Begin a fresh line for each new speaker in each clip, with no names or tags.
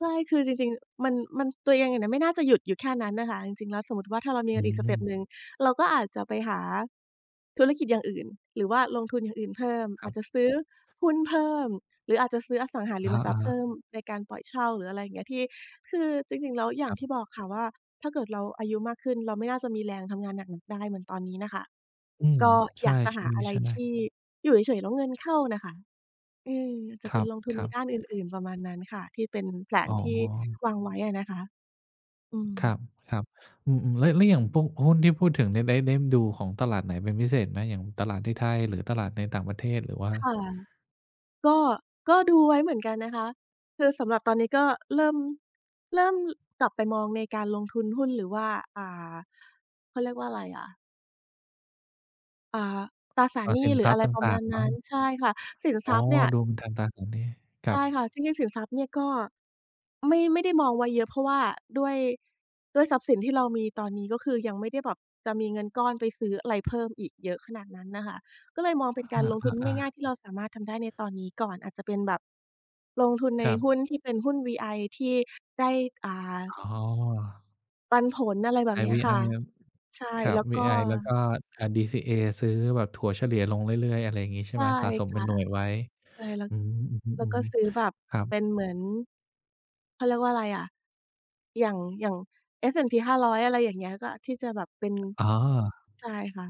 ใช่ คือจริง ๆ มัน มัน ตัวเองเนี่ยน่ะ ไม่น่าจะหยุดอยู่แค่นั้นอะค่ะ จริง ๆ แล้วสมมุติว่า ถ้าเรามี
อ
เง
ื
ินอีกสเตป
ม
หนึ่ง เราก็อาจจะไปหาธุรกิจอย่างอื่น หรือว่าลงทุนอย่างอื่นเพิ่ม
ค
อ
รั
าจ
บ
จะซื้อหุ้นเพิ่ม หรืออาจจะซื้ออสังหา
อ
ร
ะ
ิ
ฮ
มทรัพย์เพ
ะ ๆ
ิ่ม ในการปล่อยเช่า หรืออะไรอย่างเงี้ย ที่ คือจริง ๆ แล้วอย่
ค
า
ร
งที
ับ
่บอกค่ะว่า ถ้าเกิดเราอายุมากขึ้น เราไม่น่าจะมีแรงทำงานหนัก [unintelligible] ได้เหมือนตอนนี้น่ะค่ะ
อืม
ก็
ใช
อยากจะหาอะไร
่
ท
ๆ ๆ
ี่อยู่เฉย ๆ แล้วเงินเข้าน่ะค่ะ อืม จ
ค
ะเ
ร
ป็
ั
น
บ
ลงทุ
ค
น
ร
ใ
ั
น
บ
ด้านอื่น ๆ ประมาณนั้นค่ะ ที่เป็นแผล
อ๋
น
อ
ที่วางไว้อะนะคะ อื
คร
ม
ับ ๆ อืม ๆ แล้ว แล้วอย่างพวกหุ้นที่พูดถึงเนี่ย ได้ ได้ดูของตลาดไหนเป็นพิเศษไหม? อย่างตลาดที่ไทย? หรือตลาดในต่างประเทศ? หรือว่า?
ค่ะ ก็ ก็ดูไว้เหมือนกันนะคะ คือสำหรับตอนนี้ ก็เริ่ม เริ่มกลับไปมองในการลงทุนหุ้น หรือว่า อ่า เขาเรียกว่าอะไรอะ อ่า ตราสา
เอ
ร
่อ
หน
ส
ี
ิ
้
น
หร
ท
ือ
รัพ
อะ
ย์
ไร
ต
ประ
่
ม
า
า
ง
ณ
ๆ เน
น
า
ั้น
ะ
ใช่ค่ะ สิน
อ
ท
๋อ
รัพย์เนี่ย
ดูเป็นทางตราสารหนี้ คร
ใช
ั
่ค
บ
่ะ จริง ๆ สินทรัพย์เนี่ย ก็ไม่ ไม่ได้มองไว้เยอะ เพราะว่าด้วย ด้วยทรัพย์สินที่เรามีตอนนี้ ก็คือยังไม่ได้แบบจะมีเงินก้อน ไปซื้ออะไร เพิ่มอีกเยอะขนาดนั้นน่ะค่ะ ก็เลยมองเป
ค
็
ร
น
ับ
กา
อ
รลงทุน
ะ อา
ง่าย ๆ ที่เราสามารถทำได้ในตอนนี้ก่อน อาจจะเป็นแบบลงทุนใ
ค
น
รั
หุ้
บ
น ที่เป็นหุ้น VI ที่ได้ อ่า
อ๋อ
ปันผล อะไรแบ
ไอ
บ
้
เนี้
ว
ย
ี
ค
ไอ
่ะ
ครับ
ใช่
ครั
แ
บ
ล้ว
วี
ก็
ไอ แล้วก็ อ่า DCA ซื้อแบบถัวเฉลี่ยลงเรื่อย ๆ อะไรงี้ใช่
ใช
ไห
่
ม? สะสม
ค
เป็
่ะ
นหน่วยไว้
ใช่ แล้ว
อืม อือ
แล้
ฮ
ว
ึ
ก็ซื้อแบบ
ๆ ครั
เ
บ
ป็นเหมือน เขาเรียกว่าอะไรอะ อย่าง อย่าง S&P 500 อะไรอย่างเงี้ย ก็อาจที่จะแบบเป็น
อ๋อ
ใช่ค่ะ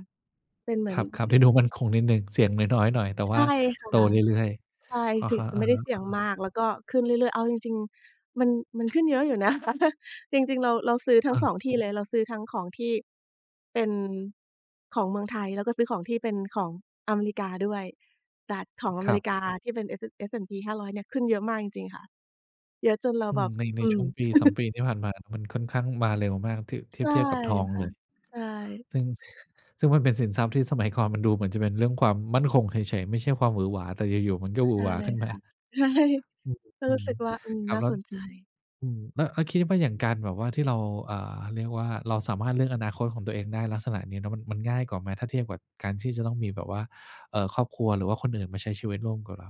เป็นเหมื
ค
อน
รับ ๆ ที่ดูมั่นคงนิดหนึ่ง เสี่ยงน้อย ๆ หน่อย แต่
ใช
ว่
่
า
ค
โ
่ะ
ตเรื่อย
ใช่
ๆ อะ
ถึ
ฮะ
งไม่ได้เสี่ยง
ๆ
ม
ๆ
าก แล้วก็ขึ้นเรื่อย ๆ เอาจริง ๆ มัน มันขึ้นเยอะอยู่ นะคะ จริง ๆ เรา เราซื้อทั
เ
้ง ส
ออ
อง ที่เลย เราซื้อทั้งของที่เป็นของเมืองไทย แล้วก็ซื้อของที่เป็นของอเมริกาด้วย แต่ของอ
ค
เม
รั
ร
บ
ิกาที่เป็น S& S&P 500 เนี่ยขึ้นเยอะมากจริง ๆ ค่ะ เยอะจนเร
อ
า
ื
แบ
ม
บ
ใน ใ
อ
น
ื
ช่
ม
วง ปีสอง ปี ที่ผ่านมา มันค่อนข้างมาเร็วมาก ที่ ที
ใช
่
่
เทียบกับทอง
ค
เ
่ะ
ลย
ใช่
ซึ่ง ซึ่งมันเป็นสินทรัพย์ที่สมัยก่อน มันดูเหมือนจะเป็นเรื่องความมั่นคงเฉย ๆ ไม่ใช่ความหวือหวา แต่อยู่ ๆ มันก็หวื
ใช
อ
่
หวาขึ้นม
ค
า
่ะ ใช่
อืม
ก็
อื
รู้
ม
สึกว่า อืม
ครั
น
บ
่า
แล้
ส
ว
นใจ
อืม แล้ว แล้วคิดว่าอย่างการแบบว่า ที่เรา อ่า เรียกว่า เราสามารถเลือกอนาคตของตัวเองได้ ลักษณะนี้เนาะ มัน มันง่ายกว่าไหม ถ้าเทียบกับการที่จะต้องมีแบบว่า เอ่อ ครอบครัว หรือว่าคนอื่นมาใช้ชีวิตร่วมกับเรา?